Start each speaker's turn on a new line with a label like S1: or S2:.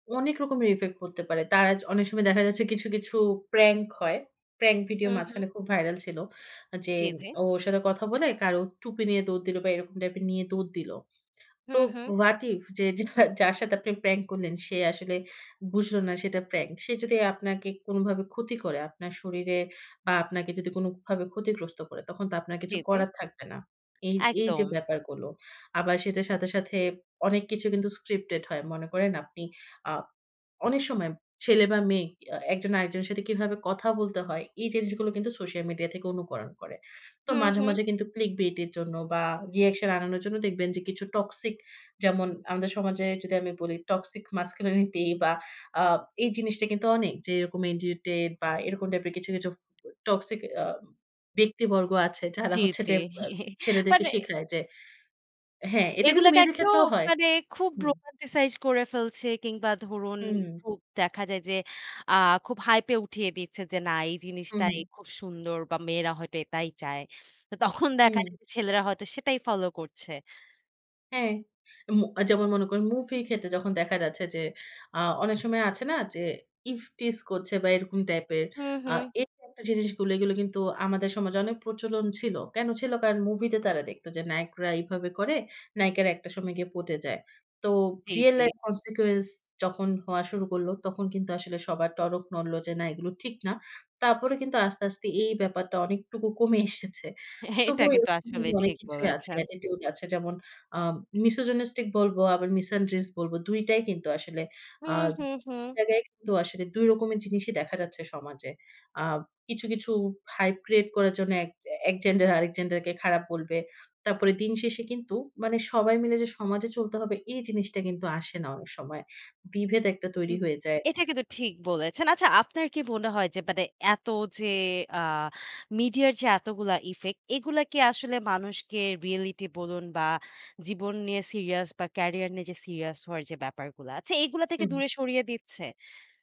S1: অনেক রকমের ইফেক্ট পড়তে পারে। তার আজ অনেক সময় দেখা যাচ্ছে কিছু, কিছু প্রাঙ্ক হয়। প্রাঙ্ক ভিডিও
S2: হু, হু।
S1: মাঝখানে খুব ভাইরাল ছিল। যে
S2: জি, জি।
S1: ওর সাথে কথা বলে কারো টুপি নিয়ে দৌড় দিল বা এইরকম টাইপের নিয়ে দৌড় দিল।
S2: হু,
S1: তো
S2: হু।
S1: what if যে যার সাথে আপনি প্রাঙ্ক করলেন সে আসলে বুঝল না সেটা প্রাঙ্ক। সে যদি আপনাকে কোনভাবে ক্ষতি করে আপনার শরীরে বা আপনাকে যদি কোনভাবে ক্ষতিগ্রস্ত করে তখন তো আপনার
S2: জি,
S1: কিছু
S2: জি।
S1: করার থাকবে না। এই, এই যে
S2: একদম।
S1: ব্যাপারগুলো। আবার সেটার সাথে, সাথে অনেক কিছু কিন্তু স্ক্রিপ্টেড হয়। মনে করেন আপনি আ অনেক সময় ছেলে বা মেয়ে এ একজন আরেকজনের সাথে কিভাবে কথা বলতে হয় এই জিনিসগুলো কিন্তু সোশ্যাল মিডিয়া থেকে অনুকরণ করে। তো
S2: হু,
S1: মাঝে,
S2: হু।
S1: মাঝে কিন্তু ক্লিক বেট এর জন্য বা রিঅ্যাকশন আনানোর জন্য দেখবেন যে কিছু টক্সিক যেমন আমাদের সমাজে যদি আমি বলি টক্সিক masculinity বা আ এই জিনিসটা কিন্তু অনেক। যে এরকম ইডিটেড বা এরকম টাইপের কিছু, কিছু টক্সিক আ ব্যক্তিবর্গ আছে যারা
S2: জি,
S1: হচ্ছে
S2: জি
S1: যে আ ছেলেদেরকে
S2: মানে
S1: শিখায় যে হ্যাঁ এটা কিন্তু
S2: এগুলোকে
S1: মেয়েদের
S2: একটু
S1: ক্ষেত্রেও হয়।
S2: মানে খুব
S1: হু।
S2: রোমান্টিসাইজ করে ফেলছে কিংবা ধরুন
S1: হু।
S2: খুব দেখা যায় যে আ খুব হাইপে উঠিয়ে দিচ্ছে যে না এই জিনিসটাই
S1: হু।
S2: খুব সুন্দর বা মেয়েরা হয়তো এটাই চায়। তো তখন দেখা
S1: হু।
S2: যায় যে ছেলেরা হয়তো সেটাই ফলো করছে।
S1: হ্যাঁ, উম যেমন মনে করেন মুভি ক্ষেত্রে যখন দেখা যাচ্ছে যে আ অনেক সময় আছে না যে ইভটিস করছে বা এরকম টাইপের
S2: হু,
S1: আ
S2: হু।
S1: এই একটা জিনিসগুলো এগুলো কিন্তু আমাদের সমাজে অনেক প্রচলন ছিল। কেন ছিল কারণ মুভিতে তারা দেখত যে নায়করা এভাবে করে, নায়িকারা একটা সময় গিয়ে পটে যায়। তো
S2: জি,
S1: real
S2: জি।
S1: life consequence যখন হওয়া শুরু করল। তখন কিন্তু আসলে সবার টনক নড়ল যে না এগুলো ঠিক না। তারপরে কিন্তু আস্তে, আস্তে এই ব্যাপারটা অনেকটুকু কমে এসেছে।
S2: এটা
S1: তবুও
S2: কিন্তু
S1: এরকম কিন্তু
S2: আসলেই
S1: অনেক
S2: ঠিক
S1: কিছুই আছে।
S2: বলেছেন।
S1: Attitude আছে। যেমন আ misogynistic বলব আবার misandrics বলব ২ টাই কিন্তু আসলে
S2: হু,
S1: আ
S2: হু, হু।
S1: জায়গায় কিন্তু আসলে ২ রকমের জিনিসই দেখা যাচ্ছে সমাজে। আ কিছু, কিছু হাইপ ক্রিয়েট করার জন্য এক এক জেন্ডার আরেক জেন্ডার কে খারাপ বলবে। তারপরে দিন শেষে কিন্তু মানে সবাই মিলে যে সমাজে চলতে হবে এই জিনিসটা কিন্তু আসে না অনেক সময়। বিভেদ একটা তৈরি হয়ে যায়।
S2: এটা কিন্তু ঠিক বলেছেন। আচ্ছা আপনার কি মনে হয় যে মানে এত যে আ মিডিয়ার যে এতগুলা ইফেক্ট এগুলা কি আসলে মানুষকে রিয়েলিটি বলুন বা জীবন নিয়ে সিরিয়াস বা ক্যারিয়ার নিয়ে যে সিরিয়াস হওয়ার যে ব্যাপারগুলা আছে এগুলো
S1: হু,
S2: থেকে
S1: হু।
S2: দূরে সরিয়ে দিচ্ছে?